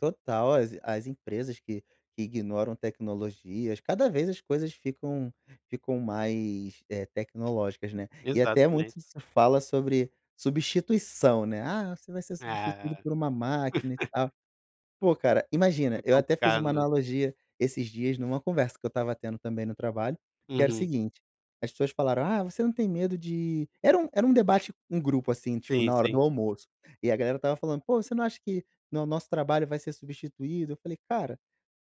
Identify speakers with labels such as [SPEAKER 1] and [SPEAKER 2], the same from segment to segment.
[SPEAKER 1] Total. As as empresas que que ignoram tecnologias cada vez as coisas ficam ficam mais, eh, tecnológicas, né. E até
[SPEAKER 2] Exatamente.
[SPEAKER 1] muito se fala sobre substituição, né. "Ah, você vai ser
[SPEAKER 2] É.
[SPEAKER 1] substituído por uma máquina e tal". Pô, cara, imagina,
[SPEAKER 2] Fica
[SPEAKER 1] eu até fiz
[SPEAKER 2] compliacado,
[SPEAKER 1] uma
[SPEAKER 2] né.
[SPEAKER 1] analogia esses dias numa conversa que eu estava tendo, também, no trabalho, que era o
[SPEAKER 2] Uhum.
[SPEAKER 1] seguinte. As pessoas falaram: "Ah, você não tem medo de" era um era um debate com grupo assim, tipo,
[SPEAKER 2] Sim,
[SPEAKER 1] na hora
[SPEAKER 2] sim.
[SPEAKER 1] do almoço, E a galera estava falando: "Pô, você não acha que, né, o nosso trabalho vai ser substituído?" Eu falei: "Cara,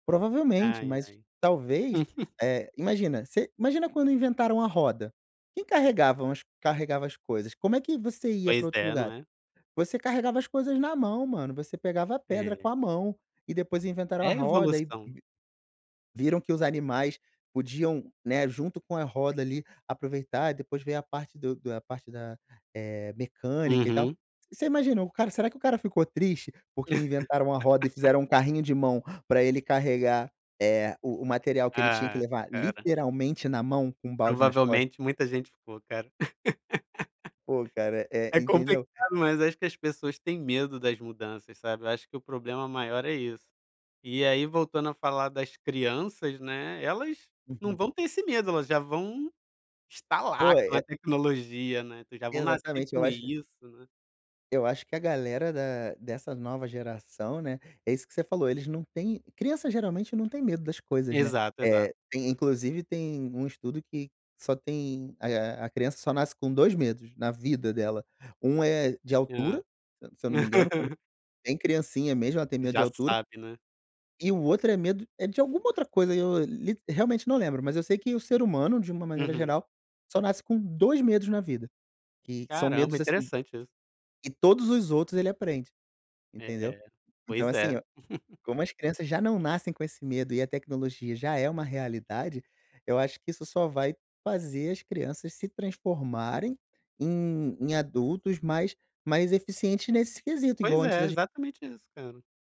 [SPEAKER 1] provavelmente,
[SPEAKER 2] Ai,
[SPEAKER 1] mas,
[SPEAKER 2] ai.
[SPEAKER 1] talvez, eh", imagina. Se imagina quando inventaram a roda. Quem carregavam os carregava as coisas? Como é que você ia pra
[SPEAKER 2] Pois
[SPEAKER 1] outros
[SPEAKER 2] é, não
[SPEAKER 1] lugares?
[SPEAKER 2] é.
[SPEAKER 1] Você carregava as coisas na mão, mano. Você pegava a pedra com
[SPEAKER 2] É.
[SPEAKER 1] a mão e depois inventaram a
[SPEAKER 2] É a
[SPEAKER 1] roda e v
[SPEAKER 2] evolução.
[SPEAKER 1] viram que os animais podiam, né, junto com a roda, ali, aproveitar e depois veio a parte do do a parte da, eh, mecânica e tal.
[SPEAKER 2] Uhum.
[SPEAKER 1] Você imaginou o cara será que o cara ficou triste porque inventaram a roda e fizeram um carrinho de mão pra ele carregar, eh, o o material que ele tinha que
[SPEAKER 2] Ah,
[SPEAKER 1] levar,
[SPEAKER 2] cara.
[SPEAKER 1] literalmente na mão, com um balde nas costas?
[SPEAKER 2] Provavelmente muita gente ficou, cara.
[SPEAKER 1] Pô, cara,
[SPEAKER 2] É
[SPEAKER 1] eh,
[SPEAKER 2] complicado,
[SPEAKER 1] entendeu?
[SPEAKER 2] mas acho que as pessoas têm medo das mudanças, sabe. Eu acho que o problema maior é isso. E aí, voltando a falar das crianças, né, elas não
[SPEAKER 1] Uhum.
[SPEAKER 2] vão ter esse medo. Elas já vão estar lá
[SPEAKER 1] Poi
[SPEAKER 2] com a
[SPEAKER 1] é.
[SPEAKER 2] tecnologia, né. Já vão nascer
[SPEAKER 1] Exatamente,
[SPEAKER 2] com
[SPEAKER 1] eu acho
[SPEAKER 2] isso, né.
[SPEAKER 1] eu acho que a galera da dessa nova geração, né, é isso que você falou. Eles não têm criança, geralmente, não têm medo das coisas, né.
[SPEAKER 2] Exato, exato.
[SPEAKER 1] Eh, tem inclusive tem um estudo que só tem alia a criança só nasce com 2 medos na vida dela. Um é de
[SPEAKER 2] Ah.
[SPEAKER 1] altura, se se eu não me engano, quando bem criancinha mesmo, ela tem medo de
[SPEAKER 2] Já
[SPEAKER 1] altura.
[SPEAKER 2] sabe, né.
[SPEAKER 1] E o outro é medo, eh, de alguma outra coisa, eu lite realmente, não lembro. Mas eu sei que o ser humano, de uma maneira
[SPEAKER 2] Uhum.
[SPEAKER 1] geral, só nasce com 2 medos na vida. E que são
[SPEAKER 2] Caramba,
[SPEAKER 1] medos, assim
[SPEAKER 2] interessante isso.
[SPEAKER 1] e todos os outros, ele aprende. Entendeu.
[SPEAKER 2] É.
[SPEAKER 1] Então
[SPEAKER 2] Pois
[SPEAKER 1] assim,
[SPEAKER 2] é.
[SPEAKER 1] eu como as crianças já não nascem com esse medo e a tecnologia já é uma realidade, eu acho que isso só vai fazer as crianças se transformarem em em adultos mais mais eficientes nesse quesito, igual
[SPEAKER 2] Pois
[SPEAKER 1] antes
[SPEAKER 2] é,
[SPEAKER 1] a gen
[SPEAKER 2] exatamente isso, cara.